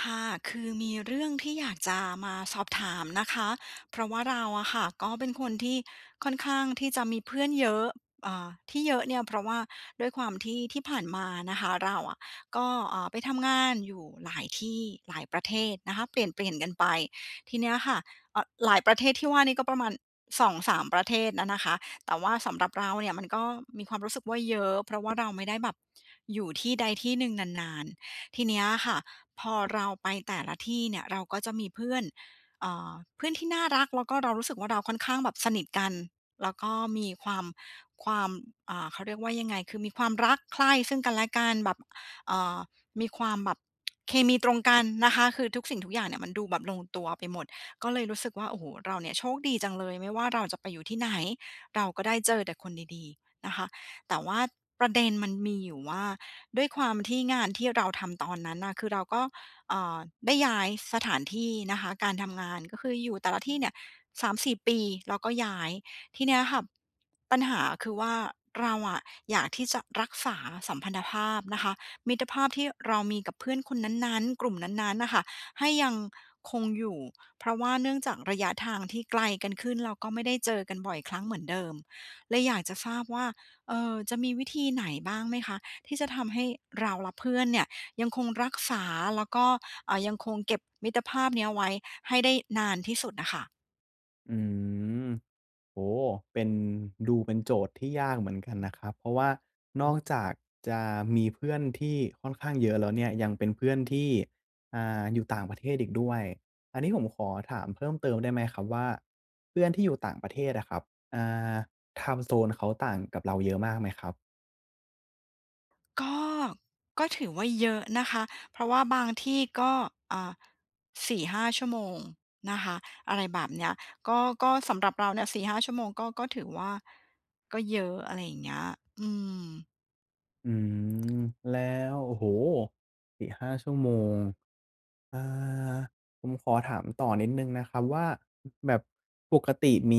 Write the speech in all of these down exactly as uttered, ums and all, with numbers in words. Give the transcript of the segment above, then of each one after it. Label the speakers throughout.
Speaker 1: ค่ะ คือมีเรื่องที่ อยากจะมาสอบถามนะคะ เพราะว่าเราอะค่ะ ก็เป็นคน ที่ค่อนข้างที่จะมีเพื่อนเยอะ อ่า ที่เยอะเนี่ย เพราะว่าด้วยความที่ ที่ผ่านมานะคะ เราอะก็ อ่า ไปทำงานอยู่หลายที่ หลายประเทศนะคะเปลี่ยน ๆ กันไป ทีเนี้ยค่ะ อ หลายประเทศที่ว่านี่ก็ประมาณ สองสาม ประเทศนะนะคะ แต่ว่าสำหรับเราเนี่ยมันก็มีความรู้สึกว่าเยอะ เพราะว่าเราไม่ได้แบบอยู่ที่ใดที่หนึ่งนาน ๆ ทีเนี้ยค่ะ พอเราไปแต่ละที่เนี่ยเราก็จะมีเพื่อน เอ่อ เพื่อนที่น่ารัก แล้วก็เรารู้สึกว่า เราค่อนข้างแบบสนิทกัน แล้วก็มีความ ความ อ่า เขาเรียกว่ายังไง คือมีความรักใคร่ซึ่งกันและกันแบบ อ่า มีความแบบ เคมีตรงกันนะคะ คือทุกสิ่งทุกอย่างเนี่ยมันดูแบบลงตัวไปหมด ก็เลยรู้สึกว่า โอ้โฮ เราเนี่ยโชคดีจังเลย ไม่ว่าเราจะไปอยู่ที่ไหน เราก็ได้เจอแต่คนดี ๆ นะคะ แต่ว่าประเด็นมันมีอยู่ว่า ด้วยความที่งานที่เราทำตอนนั้นน่ะ คือเราก็ เอ่อ ได้ย้ายสถานที่นะคะ การทำงาน ก็คืออยู่แต่ละที่เนี่ย สามสี่ ปี เราก็ย้าย ทีเนี้ยค่ะปัญหาคือว่า เราอะอยากที่จะรักษาสัมพันธภาพนะคะ มิตรภาพที่เรามีกับเพื่อนคนนั้น ๆ กลุ่มนั้น ๆ น่ะค่ะ ให้ยังคงอยู่ เพราะว่าเนื่องจากระยะทางที่ไกลกันขึ้น เราก็ไม่ได้เจอกันบ่อยครั้งเหมือนเดิม เลยอยากจะทราบว่า เอ่อ จะมีวิธีไหนบ้างไหมคะ ที่จะทำให้เราและเพื่อนเนี่ยยังคง รักษา แล้วก็ อ่า ยังคงเก็บมิตรภาพเนี้ยไว้ให้ได้นานที่สุดน่ะค่ะ?
Speaker 2: อืม โอ้โฮ เป็น ดูเป็นโจทย์ที่ยากเหมือนกันนะครับ เพราะว่านอกจากจะมีเพื่อนที่ค่อนข้างเยอะแล้วเนี่ย ยังเป็นเพื่อนที่ อ่า อยู่ต่างประเทศอีกด้วย อันนี้ผมขอถามเพิ่มเติมได้ไหมครับว่า เพื่อนที่อยู่ต่างประเทศอะครับ อ่า ไทม์โซน เขาต่างกับเราเยอะมากไหมครับ?
Speaker 1: ก็ ก็ถือว่าเยอะนะคะ เพราะว่าบางที่ก็ อ่า สี่ห้า ชั่วโมงนะคะ อะไรแบบเนี้ย ก็ ก็สำหรับเราเนี่ย สี่ห้า ชั่วโมงก็ ก็ถือว่า ก็เยอะอะไรอย่างเงี้ย อืม
Speaker 2: อืม แล้ว โอ้โฮ! สี่ห้า ชั่วโมง อ่า ผมขอถามต่อนิดหนึ่งนะครับว่า แบบปกติมี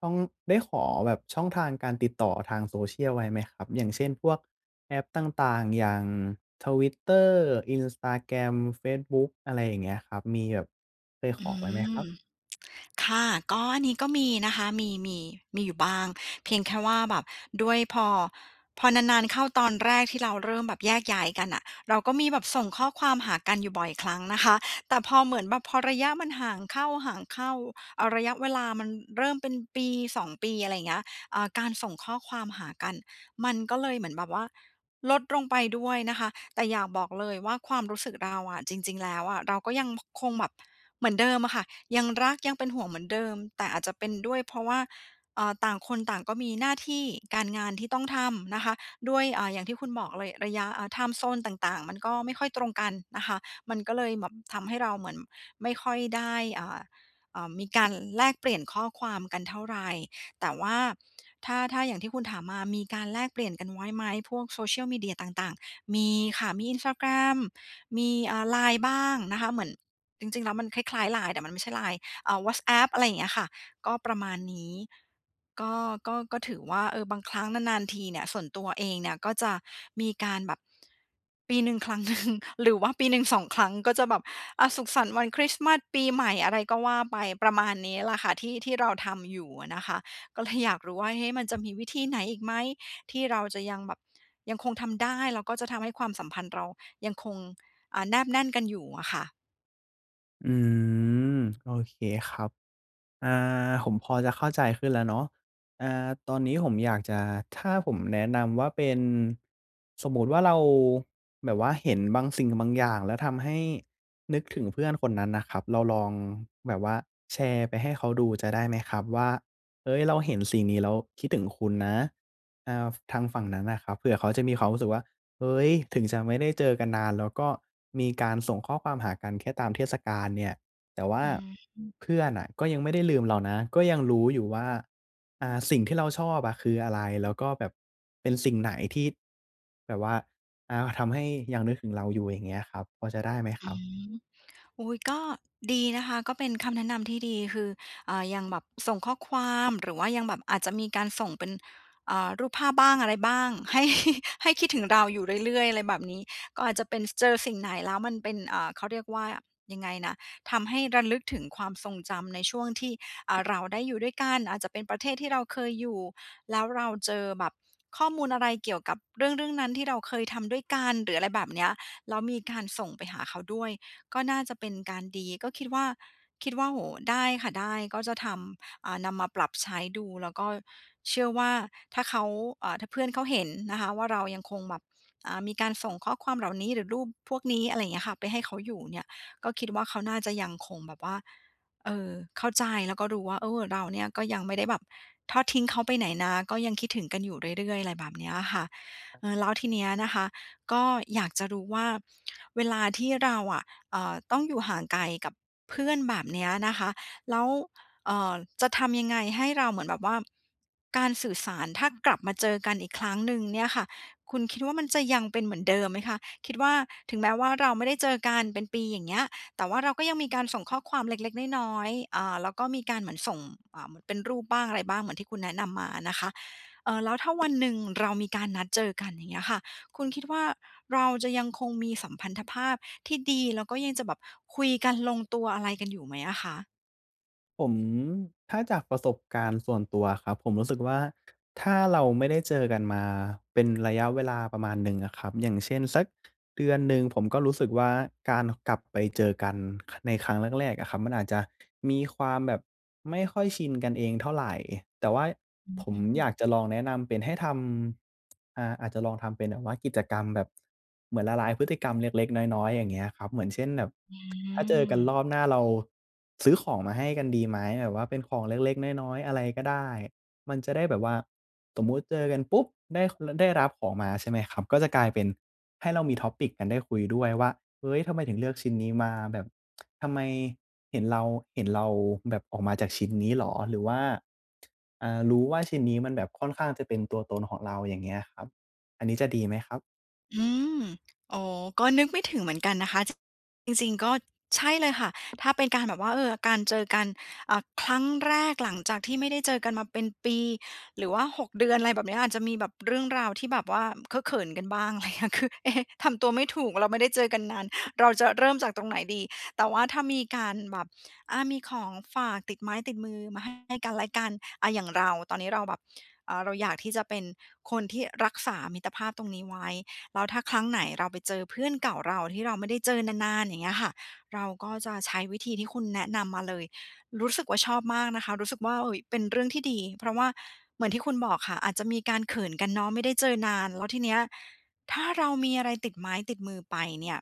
Speaker 2: ช่อง ได้ขอแบบช่องทางการติดต่อทาง Social ไว้ไหมครับ? อย่างเช่น พวกแอปต่าง ๆ อย่าง Twitter Instagram เฟซบุ๊ก อะไรอย่างเงี้ยครับ มีแบบเคย
Speaker 1: อ
Speaker 2: ข
Speaker 1: ื
Speaker 2: อไว้ไหมครั
Speaker 1: ม
Speaker 2: บ?
Speaker 1: ค่ะ ก็อันนี้ ก็มีนะคะ มี มี มีอยู่บ้าง เพียงแค่ว่าแบบด้วยพอ พอนาน ๆ เข้าตอนแรกที่เราเริ่มแบบแยกย้ายกันน่ะ เราก็มีแบบส่งข้อความหากันอยู่บ่อยครั้งนะคะ แต่พอเหมือนแบบพอระยะมันห่างเข้า ๆ เอ่อ ระยะเวลามันเริ่มเป็นปี สอง ปี อะไรอย่างเงี้ย เอ่อ การส่งข้อความหากันมันก็เลยเหมือนแบบว่าลดลงไปด้วยนะคะ แต่อยากบอกเลยว่าความรู้สึกเราอะ จริง ๆ แล้วอะเราก็ยัง ค คงแบบเหมือนเดิมอะค่ะ ยังรักยังเป็นห่วงเหมือนเดิม แต่อาจจะเป็นด้วยเพราะว่า อ่า ต่างคนต่างก็มีหน้าที่การงานที่ต้องทำนะคะ ด้วย อ่า อย่างที่คุณบอกเลยระยะ อ่า ไทม์โซน ต่าง ๆ มันก็ไม่ค่อยตรงกันนะคะ มันก็เลยแบบทำให้เราเหมือนไม่ค่อยได้ อ่า เอ่อ มีการแลกเปลี่ยนข้อความกันเท่าไร แต่ว่าถ้า ถ้าอย่างที่คุณถามมา มีการแลกเปลี่ยนกันไว้ไหม พวกโซเชียลมีเดียต่าง ๆ? มีค่ะ มี Instagram มี อ่า LINE บ้างนะคะ เหมือนจริง ๆ แล้วมันคล้าย ๆ LINE แต่มันไม่ใช่ LINE อ่า Whatsapp อะไรอย่างเงี้ยอะค่ะ ก็ประมาณนี้ ก็ ก็ ก็ถือว่า เออ บางครั้งนาน ๆ ทีเนี่ยส่วนตัวเองเนี่ย ก็จะมีการแบบ ปีหนึ่งครั้ง หนึ่ง หรือว่าปีหนึ่ง สอง ครั้ง ก็จะแบบ อา สุขสันต์วันคริสต์มาส ปีใหม่ อะไรก็ว่าไป ประมาณนี้แหละค่ะที่ ที่เราทำอยู่อะนะคะ ก็เลยอยากรู้ว่า เอ๊ะ มันจะมีวิธีไหนอีกไหมที่เราจะยังแบบ ยังคงทำได้ แล้วก็จะทำให้ความสัมพันธ์เรายังคง อ่า แนบแน่นกันอยู่อะค่ะ?
Speaker 2: อืม โอเคครับ อ่า ผมพอจะเข้าใจขึ้นแล้วเนาะ อ่า ตอนนี้ผมอยากจะ ถ้าผมแนะนำว่าเป็น สมมติว่า เราแบบว่าเห็นบางสิ่งบางอย่าง แล้วทำให้นึกถึงเพื่อนคนนั้นนะครับ เราลองแบบว่าแชร์ไปให้เขาดูจะได้ไหมครับ ว่า เฮ้ย! เราเห็นสิ่งนี้แล้วคิดถึงคุณนะ อ่า ฟ ทางฝั่งนั้นน่ะครับ เผื่อเขาจะมีความรู้สึกว่า เฮ้ย! ถึงจะไม่ได้เจอกันนานแล้ว ก็มีการส่งข้อความหากันแค่ตามเทศกาลเนี่ย แต่ว่
Speaker 1: อ
Speaker 2: า
Speaker 1: ือฮึ
Speaker 2: เพื่อนน่ะก็ยังไม่ได้ลืมเรานะ ก็ยังรู้อยู่ว่า อ่า สิ่งที่เราชอบอะคืออะไร แล้วก็แบบเป็นสิ่งไหนที่แบบว่า อ่า ทำให้ยังนึกถึงเราอยู่ อย่างเงี้ยครับ พอจะได้ไหม
Speaker 1: อ
Speaker 2: ค
Speaker 1: ื
Speaker 2: รับ?
Speaker 1: ม อุ๊ย ก็ดีนะคะ ก็เป็นคำแนะนำที่ดี คือ อ่า ยังแบบส่งข้อความ หรือว่ายังแบบอาจจะมีการส่งเป็น อ่า รูปภาพบ้าง อะไรบ้าง ให้ ให้คิดถึงเราอยู่เรื่อย ๆ อะไรแบบนี้ ก็อาจจะเป็นเจอสิ่งไหนแล้วมันเป็น อ่า เขาเรียกว่ายังไงนะ ทำให้ระลึกถึงความทรงจำในช่วงที่ อ่า เราได้อยู่ด้วยกัน อาจจะเป็นประเทศที่เราเคยอยู่ แล้วเราเจอแบบข้อมูลอะไรเกี่ยวกับเรื่อง ๆ นั้น ที่เราเคยทำด้วยกัน หรือ อะไรแบบเนี้ย แล้วมีการส่งไปหาเขาด้วย ก็น่าจะเป็นการดี ก็คิดว่า คิดว่า โอ้! ได้ค่ะได้ ก็จะทำ อ่า นำมาปรับใช้ดู แล้วก็เชื่อว่า ถ้าเขา อ่า ถ้าเพื่อนเขาเห็นนะคะว่า เรายังคงแบบ อ่า มีการส่งข้อความเหล่านี้ หรือรูปพวกนี้ อะไรอย่างเงี้ยค่ะ ไปให้เขาอยู่เนี่ย ก็คิดว่าเขาน่าจะยังคงแบบว่า เอ่อ เข้าใจ แล้วก็รู้ว่า เออ เราเนี่ยก็ยังไม่ได้แบบทอดทิ้งเขาไปไหนนะ ก็ยังคิดถึงกันอยู่เรื่อย ๆ อะไรแบบเนี้ยค่ะ เอ่อ แล้วทีเนี้ยนะคะ ก็อยากจะรู้ว่า เวลาที่เราอะ เอ่อ ต้องอยู่ห่างไกลกับเพื่อนแบบเนี้ยนะคะ แล้ว เอ่อ จะทำยังไงให้เราเหมือนแบบว่า การสื่อสารถ้ากลับมาเจอกันอีกครั้งหนึ่งเนี่ยค่ะ คุณคิดว่า มันจะยังเป็นเหมือนเดิมไหมคะ? คิดว่า ถึงแม้ว่าเราไม่ได้เจอกันเป็นปีอย่างเงี้ย แต่ว่าเราก็ยังมีการส่งข้อความเล็ก ๆ น้อย ๆ อ่า แล้วก็มีการเหมือนส่ง อ่า เป็นรูปบ้างอะไรบ้าง เหมือนที่คุณแนะนำมาอะนะคะ เอ่อ แล้วถ้าวันหนึ่งเรามีการนัดเจอกัน อย่างเงี้ยค่ะ คุณคิดว่าเราจะยังคงมีสัมพันธภาพที่ดี แล้วก็ยังจะแบบคุยกันลงตัว อะไรกันอยู่ไหมอะคะ?
Speaker 2: ผม ถ้าจากประสบการณ์ส่วนตัวอะครับ ผมรู้สึกว่า ถ้าเราไม่ได้เจอกันมาเป็นระยะเวลาประมาณหนึ่งอะครับ อย่างเช่น สักเดือนหนึ่ง ผมก็รู้สึกว่า การกลับไปเจอกัน ในครั้งแรก ๆ อะครับ มันอาจจะมีความแบบไม่ค่อยชินกันเองเท่าไร แต่ว่า
Speaker 1: อืม
Speaker 2: ผ
Speaker 1: อ
Speaker 2: ม
Speaker 1: ื
Speaker 2: อ
Speaker 1: อ
Speaker 2: ยากจะลองแนะนำเป็นให้ทำ อา อาจจะลองทำเป็นแบบว่ากิจกรรมแบบเหมือนละลายพฤติกรรมเล็ก ๆ น้อย ๆ อย่างเงี้ยอะครับ เหมือนเช่น แบบ
Speaker 1: อ
Speaker 2: ถ้าเจอกันร
Speaker 1: ืม
Speaker 2: อบหน้าเราซื้อของมาให้กันดีไหม แบบว่าเป็นของเล็ก ๆ น้อย ๆ อะไรก็ได้ มันจะได้แบบว่า สมมติเจอกันปุ๊บ ได้ ค ล ได้รับของมา ใช่ไหมครับ ก็จะกลายเป็นให้เรามี Topic กัน ได้คุยด้วยว่า เฮ้ย ทำไมถึงเลือกชิ้นนี้มาแบบ ทำไมเห็นเรา เห็นเราแบบออกมาจากชิ้นนี้เหรอ? หรือว่า อ่า รู้ว่าชิ้นนี้มันแบบค่อนข้างจะเป็นตัวตนของเรา อย่างเงี้ยครับ อันนี้จะดีไหมครับ?
Speaker 1: อืม โอ้โฮ ก็นึกไม่ถึงเหมือนกันนะคะ จ จริง ๆ ก็ ใช่เลยค่ะ ถ้าเป็นการแบบว่า เออ การเจอกัน อ่า ครั้งแรกหลังจากที่ไม่ได้เจอกันมาเป็นปี หรือว่า หก เดือน อะไรแบบเนี้ย อาจจะมีแบบเรื่องราวที่แบบว่าเคอะเขินกันบ้าง อะไรอย่างเงี้ย คือ เอ๊ะ ทำตัวไม่ถูก เราไม่ได้เจอกันนาน เราจะเริ่มจากตรงไหนดี แต่ว่าถ้ามีการแบบ อา มีของฝาก ติดไม้ติดมือมาให้ ให้กันและกัน อา อย่างเรา ตอนนี้เราแบบ อา เราอยากที่จะเป็นคนที่รักษามิตรภาพตรงนี้ไว้ แล้วถ้าครั้งไหนเราไปเจอเพื่อนเก่าเราที่เราไม่ได้เจอนาน ๆ อย่างเงี้ยค่ะ เราก็จะใช้วิธีที่คุณแนะนำมาเลย รู้สึกว่าชอบมากนะคะ รู้สึกว่า เอ๊ย เป็นเรื่องที่ดี เพราะว่าเหมือนที่คุณบอกค่ะ อาจจะมีการเขินกันเนาะ ไม่ได้เจอนาน แล้วทีเนี้ย ถ้าเรามีอะไรติดไม้ติดมือไปเนี่ย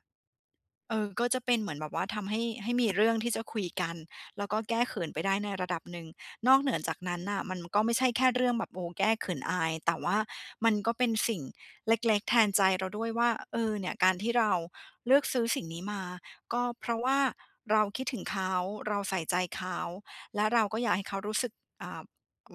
Speaker 1: เออ ก็จะเป็นเหมือนแบบว่าทำให้ ให้มีเรื่องที่จะคุยกัน แล้วก็แก้เขินไปได้ในระดับหนึ่ง นอกเหนือจากนั้นน่ะ มันก็ไม่ใช่แค่เรื่องแบบ โอ้ แก้เขินอาย แต่ว่ามันก็เป็นสิ่งเล็ก ๆ แทนใจเราด้วยว่า เออ เนี่ย การที่เราเลือกซื้อสิ่งนี้มา ก็เพราะว่าเราคิดถึงเขา เราใส่ใจเขา และเราก็อยากให้เขารู้สึก อ่า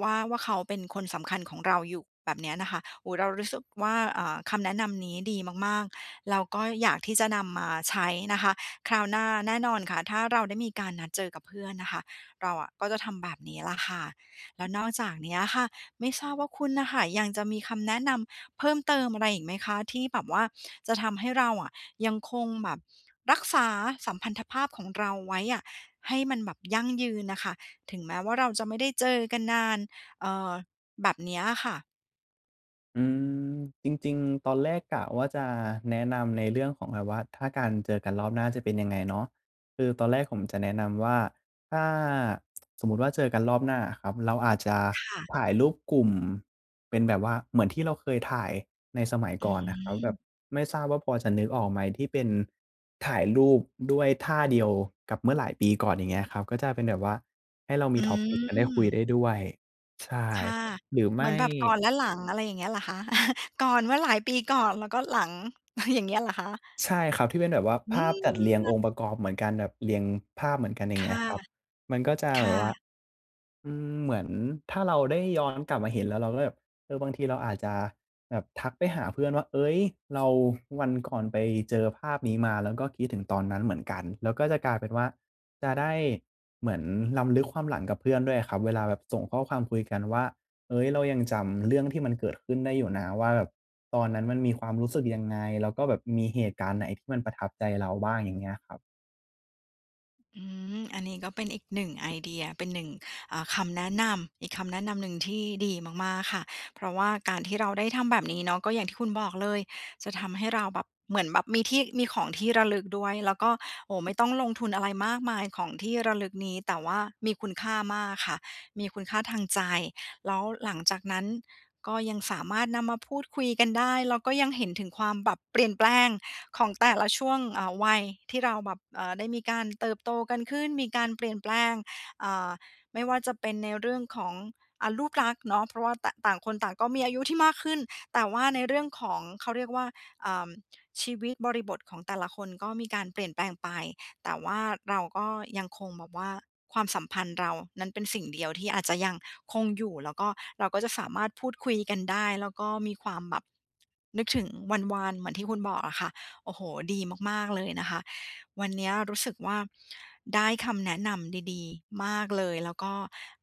Speaker 1: ว่า ว่าเขาเป็นคนสำคัญของเราอยู่ แบบเนี้ยนะคะ โอ้ เรารู้สึกว่า อ่า คำแนะนำนี้ดีมาก ๆ เราก็อยากที่จะนำมาใช้นะคะ คราวหน้าแน่นอนค่ะ ถ้าเราได้มีการนัดเจอกับเพื่อนน่ะค่ะ เราอะก็จะทำแบบนี้แหละค่ะ แล้วนอกจากเนี้ยอะค่ะ ไม่ทราบว่าคุณน่ะค่ะ ยังจะมีคำแนะนำเพิ่มเติมอะไรอีกไหมคะ? ที่แบบว่าจะทำให้เราอะ ยังคงแบบ รักษาสัมพันธภาพของเราไว้อะ ให้มันแบบยั่งยืนน่ะค่ะ ถึงแม้ว่าเราจะไม่ได้เจอกันนาน เอ่อ แบบเนี้ยอะค่ะ?
Speaker 2: อืม จริง ๆ ตอนแรกกะว่า จะแนะนำในเรื่องของแบบว่า ถ้าการเจอกันรอบหน้าจะเป็นยังไงเนาะ คือตอนแรกผมจะแนะนำว่า ถ้าสมมุติว่าเจอกันรอบหน้าอะครับ เราอาจจะ
Speaker 1: ค่ะ
Speaker 2: ถ่ายรูปกลุ่มเป็นแบบว่าเหมือนที่เราเคยถ่ายในสมัย
Speaker 1: อ
Speaker 2: ก่อนน่ะครับ แบ
Speaker 1: ืม
Speaker 2: บไม่ทราบว่าพอจะนึกออกไหม? ที่เป็นถ่ายรูปด้วยท่าเดียวกับเมื่อหลายปีก่อน อย่างเงี้ยครับ ก็จะเป็นแบบว่าให้เรามี
Speaker 1: อ
Speaker 2: Topic กันได้คุยไ
Speaker 1: ืม
Speaker 2: ด้ด้วย ใช่
Speaker 1: ค่ะ
Speaker 2: หรือไ
Speaker 1: เ
Speaker 2: ม
Speaker 1: หมือ
Speaker 2: ่
Speaker 1: นแบบก่อนและหลัง อะไรอย่างเงี้ยเหรอคะ? ก่อนเมื่อหลายปีก่อนแล้วก็หลัง อย่างเงี้ยเหรอคะ?
Speaker 2: ใช่ครับ ที่เป็นแบบว่า
Speaker 1: อื
Speaker 2: ภาพจัดเรียง
Speaker 1: ม
Speaker 2: องค์ประกอบเหมือนกัน แบบเรียงภาพเหมือนกัน อย่า
Speaker 1: ค
Speaker 2: งเงี้
Speaker 1: ่
Speaker 2: ย
Speaker 1: ะ
Speaker 2: ครับ มันก็จะ
Speaker 1: ค
Speaker 2: แบ
Speaker 1: ่
Speaker 2: บว่า
Speaker 1: ะ
Speaker 2: อืม เหมือนถ้าเราได้ย้อนกลับมาเห็นแล้วเราก็แบบ เออ บางทีเราอาจจะแบบทักไปหาเพื่อนว่า "เอ๊ย! เรา วันก่อนไปเจอภาพนี้มา แล้วก็คิดถึงตอนนั้นเหมือนกัน" แล้วก็จะกลายเป็นว่า จะได้เหมือนรำลึกความหลังกับเพื่อนด้วยอะครับ เวลาแบบส่งข้อความคุยกันว่า "เอ๊ย! เรายังจำเรื่องที่มันเกิดขึ้นได้อยู่นะ" ว่าแบบตอนนั้นมันมีความรู้สึกยังไง? แล้วก็แบบมีเหตุการณ์ไหนที่มันประทับใจเราบ้าง? อย่างเงี้ยครับ
Speaker 1: อืม อันนี้ก็เป็นอีก หนึ่ง ไอเดีย เป็น หนึ่ง อ่า คำแนะนำ อีกคำแนะนำหนึ่งที่ดีมาก ๆ ค่ะ เพราะว่าการที่เราได้ทำแบบนี้เนาะ ก็อย่างที่คุณบอกเลย จะทำให้เราแบบ เหมือนแบบมีที่ มีของที่ระลึกด้วย แล้วก็ โอ้โฮ ไม่ต้องลงทุนอะไรมากมายของที่ระลึกนี้ แต่ว่ามีคุณค่ามากค่ะ มีคุณค่าทางใจ แล้วหลังจากนั้นก็ยังสามารถนำมาพูดคุยกันได้ แล้วก็ยังเห็นถึงความแบบเปลี่ยนแปลงของแต่ละช่วง อ่า วัยที่เราแบบ เอ่อ ได้มีการเติบโตกันขึ้น มีการเปลี่ยนแปลง อ่า ไม่ว่าจะเป็นในเรื่องของ อ่า รูปลักษณ์เนาะ เพราะว่า ต ต่างคนต่างก็มีอายุที่มากขึ้น แต่ว่าในเรื่องของ เขาเรียกว่า อ่า ชีวิตบริบทของแต่ละคนก็มีการเปลี่ยนแปลงไป แต่ว่าเราก็ยังคงแบบว่า ความสัมพันธ์เรานั้นเป็นสิ่งเดียวที่อาจจะยังคงอยู่ แล้วก็ เราก็จะสามารถพูดคุยกันได้ แล้วก็มีความแบบ นึกถึงวันวานเหมือนที่ คุณบอกอะค่ะ โอ้โฮ ดีมาก ๆ เลยนะคะ วันเนี้ยรู้สึกว่า ได้คำแนะนำดี ๆ มากเลย แล้วก็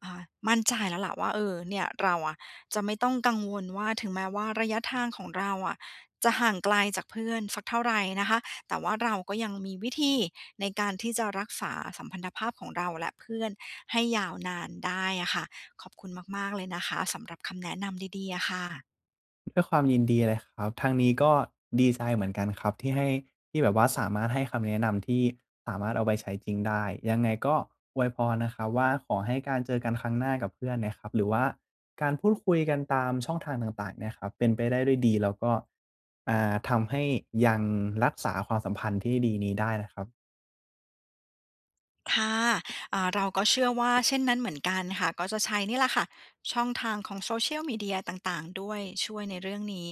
Speaker 1: อ่า มั่นใจแล้วล่ะว่า เอ่อ เนี่ยเราอะจะไม่ต้องกังวลว่า ถึงแม้ว่าระยะทางของเราอะจะห่างไกลจากเพื่อนสักเท่าไรนะคะ แต่ว่าเราก็ยังมีวิธีในการที่จะรักษาสัมพันธภาพของเราและเพื่อนให้ยาวนานได้อะค่ะ ขอบคุณมาก ๆ เลยนะคะ สำหรับคำแนะนำดี ๆ อะค่ะ
Speaker 2: ด้วยความยินดีเลยครับ ทางนี้ก็ดีใจเหมือนกันครับที่ให้ ที่แบบว่าสามารถให้คำแนะนำ ที่สามารถเอาไปใช้จริงได้ ยังไงก็อวยพรนะครับว่า ขอให้การเจอกันครั้งหน้ากับเพื่อนเนี่ยครับ หรือว่าการพูดคุยกันตามช่องทางต่าง ๆ เนี่ยครับ เป็นไปได้ด้วยดี แล้วก็ อ่า ทำให้ยังรักษาความสัมพันธ์ที่ดีนี้ได้นะครับ
Speaker 1: ค่ะ อ่า เราก็เชื่อว่าเช่นนั้นเหมือนกันค่ะ ก็จะใช้นี่แหละค่ะ ช่องทางของ Social Media ต่าง ๆ ด้วย ช่วยในเรื่องนี้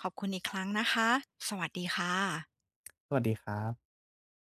Speaker 1: ขอบคุณอีกครั้งนะคะ สวัสดีค่ะ
Speaker 2: สวัสดีครับ